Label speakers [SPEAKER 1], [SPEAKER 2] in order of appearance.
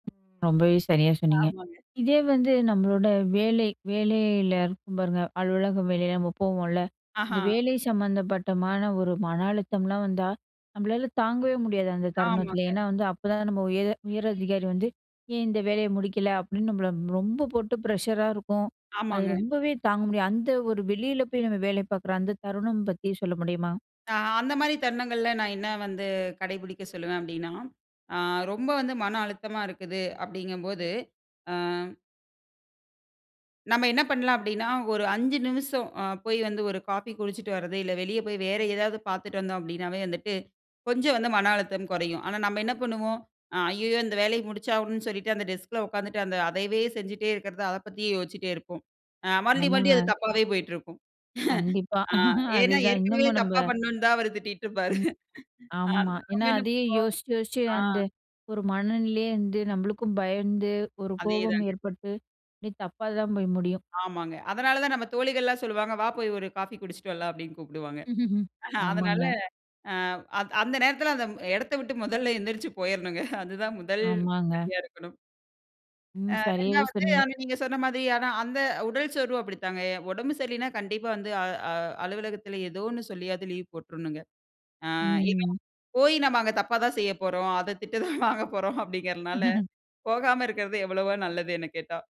[SPEAKER 1] ரொம்பவே சரியா சொன்னீங்க.
[SPEAKER 2] ஆமாங்க.
[SPEAKER 1] இதே வந்து நம்மளோட வேலை வேலையில இருக்கும் பாருங்க. அலுவலகம் வேலை நம்ம போவோம்ல. இந்த
[SPEAKER 2] ஆஹா.
[SPEAKER 1] வேலை சம்மந்தப்பட்டமான ஒரு மன அழுத்தம்லாம் வந்தா, நம்பளால தாங்கவே முடியாது, அந்த தருணத்தில.
[SPEAKER 2] ஆமாங்க.
[SPEAKER 1] ஏன்னா வந்து, அப்போதான் நம்ம உயர உயரதிகாரி வந்து, "ஏன் இந்த வேலைய முடிக்கல?" அப்படின்னு நம்மள ரொம்ப போட்டு ப்ரஷர்ரா இருக்கும். அது
[SPEAKER 2] ஆமாங்க.
[SPEAKER 1] ரொம்பவே தாங்க முடியாது. அந்த ஒரு வெளியில போய் நம்ம வேலை பாக்குற அந்த தருணம் பத்தி சொல்ல முடியுமா?
[SPEAKER 2] ஆ. அந்த மாரி தருணங்கள்ல, நான் என்ன வந்து கடைபிடிக்க சொல்லுவேன் அப்படின்னா, ஆ ரொம்ப வந்து மன அழுத்தமா இருக்குது அப்படிங்கும் போது. ஆ. நம்ம என்ன பண்ணலாம்? அப்படின்னா ஒரு 5 நிமிசம் அ போய் வந்து ஒரு காஃபி குடிச்சிட்டு வர்றது. இல்ல வெளிய போய் வேற ஏதாவது பாத்துட்டு வந்தோம் அப்படின்னாவே வந்துட்டு, கொஞ்சம் வந்து மன அழுத்தம் குறையும். ஆனா, நம்ம என்ன பண்ணுவோம்? அ ஐயயோ! இந்த வேலைய முடிச்சாகனும்னு சொல்லிட்டு அந்த டெஸ்க் ல உக்காந்துட்டு அந்த அதையவே செஞ்சிட்டே இருக்கிறதா அதப் பத்தியே யோசிட்டே இருப்போம். அ மறுபடி மறுபடி அது
[SPEAKER 1] ஆமாங்க.
[SPEAKER 2] தப்பாவே போய்ட்டு இருக்கும்.
[SPEAKER 1] கண்டிப்பா.
[SPEAKER 2] ஆ. ஏனா,
[SPEAKER 1] அதுதான்
[SPEAKER 2] ஏற்கனவே
[SPEAKER 1] இன்னமும் நம்ப
[SPEAKER 2] தப்பா பண்ணனோன்னு தான் அவரு திட்டிட்ருப்பாரு.
[SPEAKER 1] ம்.
[SPEAKER 2] ஆ.
[SPEAKER 1] ஆமா.
[SPEAKER 2] நம்ம
[SPEAKER 1] ஏன்னா
[SPEAKER 2] என்ன
[SPEAKER 1] அதையே
[SPEAKER 2] பண்ணுவோம்?
[SPEAKER 1] யோசிச்சு யோசிச்சு
[SPEAKER 2] ஆ.
[SPEAKER 1] அந்த ஒரு மனநிலையே இருந்து, நம்பளுக்கும் பயந்து, ஒரு
[SPEAKER 2] அதே
[SPEAKER 1] கோபம்
[SPEAKER 2] தாங்க.
[SPEAKER 1] ஏற்பட்டு, இப்டி தப்பா தான் போய் முடியும்.
[SPEAKER 2] ஆமாங்க. அதனால தான் நம்ம தோழிகள் எல்லாம் சொல்லுவாங்க, "வா போய் ஒரு காஃபி குடிச்சிட்டு வரலாம்" அப்படின்னு கூப்டுவாங்க. அதனால,
[SPEAKER 1] ஆமாங்க.
[SPEAKER 2] அ அந் அந்த நேரத்தில அந்த ம் எடத்த விட்டு மொதல்ல எந்திரிச்சு போயிறணுங்க. அதுதான் 1
[SPEAKER 1] ஆமாங்க.
[SPEAKER 2] படியா இருக்கணும். அ.
[SPEAKER 1] ம். சரியாவே
[SPEAKER 2] 2வது
[SPEAKER 1] சொன்னீங்க.
[SPEAKER 2] அதான் நீங்க சொன்ன மாதி அதான் அந்த உடல் சோர்வும் அப்படித்தாங்க, உடம்பு சரியில்லைனா கண்டிப்பா வந்து அ அ அலுவலகத்தில ஏதோ ஒண்ணு சொல்லியாது லீவ் போட்றணுங்க. அ. ஏன்னா,
[SPEAKER 1] ம்.
[SPEAKER 2] போய் நம்ம அங்க தப்பா தான் செய்யப் போறோம். அத திட்டு தான் வாங்க போறோம் அப்படிங்கிறதனால, போகாம இருக்கறது எவ்வளவோ நல்லதுன்னு கேட்டா.